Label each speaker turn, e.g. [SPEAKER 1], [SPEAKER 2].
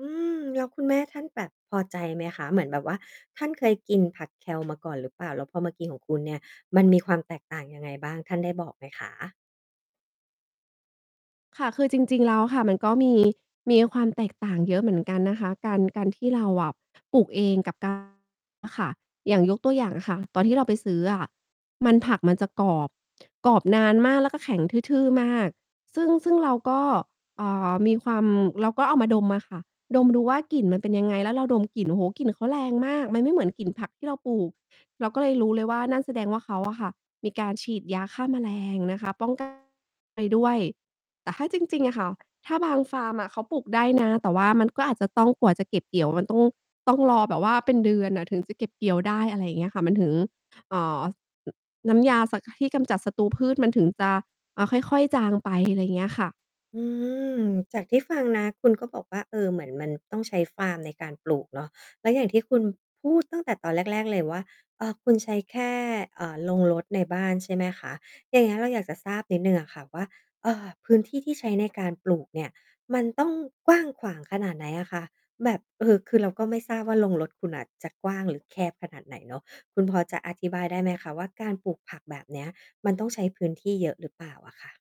[SPEAKER 1] อืม แล้วคุณแม่ท่านแบบพอใจไหมคะ? เหมือนแบบว่า ท่านเคยกินผัก Kale มาก่อนหรือเปล่า? แล้วพอมากิน ของคุณเนี่ย มันมีความแตกต่างยังไงบ้าง ท่านได้บอกไหมคะ?
[SPEAKER 2] ค่ะ คือจริง ๆ แล้วค่ะ มันก็มี มีความแตกต่างเยอะเหมือนกันนะคะ การ การที่เราอะปลูกเอง กับ การ ค่ะ อย่างยกตัวอย่างอะค่ะ ตอนที่เราไปซื้ออะ มัน ผักมันจะกรอบ กรอบนานมาก แล้วก็แข็งทื่อ ๆ มาก ซึ่ง ซึ่งเราก็ อ่า มีความ เราก็เอามาดมอะค่ะ ดมดูว่ากลิ่นมันเป็นยังไง แล้วเราดมกลิ่น โอ้โฮ กลิ่นเขาแรงมาก มันไม่เหมือนกลิ่นผักที่เราปลูก เราก็เลยรู้เลยว่า นั่นแสดงว่าเขาอะค่ะ มีการฉีดยาฆ่าแมลงนะคะ ป้อง กัน ไปด้วย แต่ถ้าจริง ๆ อะค่ะ ถ้าบางฟาร์มอะเขาปลูกได้นะ แต่ว่ามันก็อาจจะต้อง กว่าจะเก็บเกี่ยว มันต้อง ต้องรอแบบว่าเป็นเดือนอะ ถึงจะเก็บเกี่ยวได้ อะไรอย่างเงี้ยค่ะ มันถึง อ่า น น้ำยา ส ที่กำจัดศัตรูพืช มันถึงจะ อ่า ค่อย ๆ จางไป อะไรอย่างเงี้ยค่ะ
[SPEAKER 1] อืม จากที่ฟังนะ คุณก็บอกว่า เออ เหมือนมันต้องใช้ฟาร์มในการปลูกเนาะ แล้วอย่างที่คุณพูด ตั้งแต่ตอนแรก ๆ เลยว่า เอ่อ คุณใช้แค่ เอ่อ โรงรถในบ้าน ใช่ไหมคะ? อย่างเงี้ยเราอยากจะทราบนิดหนึ่งอะค่ะว่า เอ่อ พื้นที่ที่ใช้ในการปลูกเนี่ย มันต้องกว้างขวางขนาดไหนอะคะ? แบบ เออ คือเราก็ไม่ทราบว่าโรงรถคุณน่ะจะกว้างหรือแคบขนาดไหนเนาะ คุณพอจะอธิบายได้ไหมคะว่า การปลูกผักแบบเนี้ย มันต้องใช้พื้นที่เยอะหรือเปล่าอะค่ะ?